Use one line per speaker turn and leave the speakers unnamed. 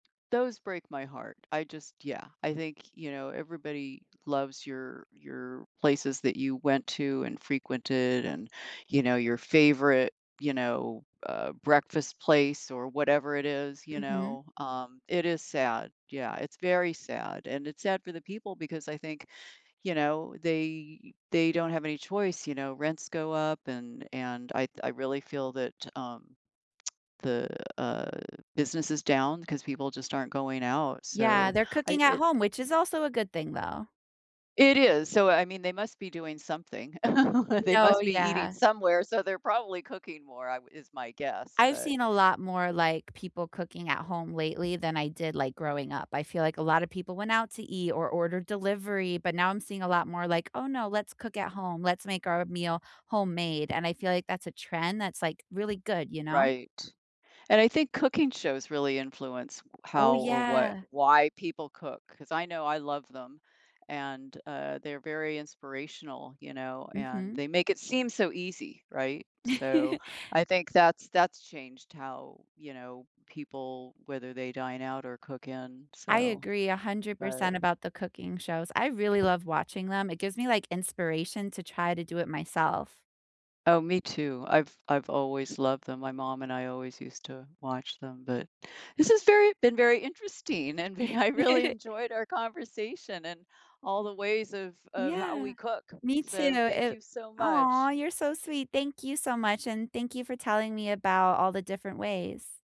Those break my heart. I just Yeah. I think, you know, everybody loves your your places that you went to and frequented and, you know, your favorite, you know, uh, breakfast place or whatever it is, you
Mhm.
know, um, it is sad, yeah, it's very sad, and it's sad for the people, because I think, you know, they they don't have any choice, you know, rents go up, and and I'd I really feel that, um, the, uh, business is down 'cause people just aren't going out,
Yeah,
so,
they're
I
cooking at
it
home, which is also a good thing, though.
It is. So, I mean, they must be doing something. They
No,
must be eating
yeah.
somewhere, so they're probably cooking more I um, is my guess,
I've
but
seen a lot more, like, people cooking at home lately than I did, like, growing up. I feel like a lot of people went out to eat or ordered delivery, but now, I'm seeing a lot more, like, "Oh, no, let's cook at home." "Let's make our meal homemade." and I feel like that's a trend that's, like, really good, you know?
Right, and I think cooking shows really influence
Oh,
how or what
yeah.
why people cook, 'cause I know I love them, and, uh, they're very inspirational, you know, and
Mhm.
they make it seem so easy, right? So, I think that's that's changed how, you know, people whether they dine out or cook in.
I
So,
agree a hundred
but
percent about the cooking shows. I really love watching them, it gives me, like, inspiration to try to do it myself.
Oh, me too. I've I've always loved them, my mom and I always used to watch them, but This has very been very interesting, and ve I really enjoyed our conversation, and all the ways of of how
Yeah.
we cook,
Me too,
so, thank
it
you so
Aw,
much.
you're so sweet. Thank you so much, and thank you for telling me about all the different ways.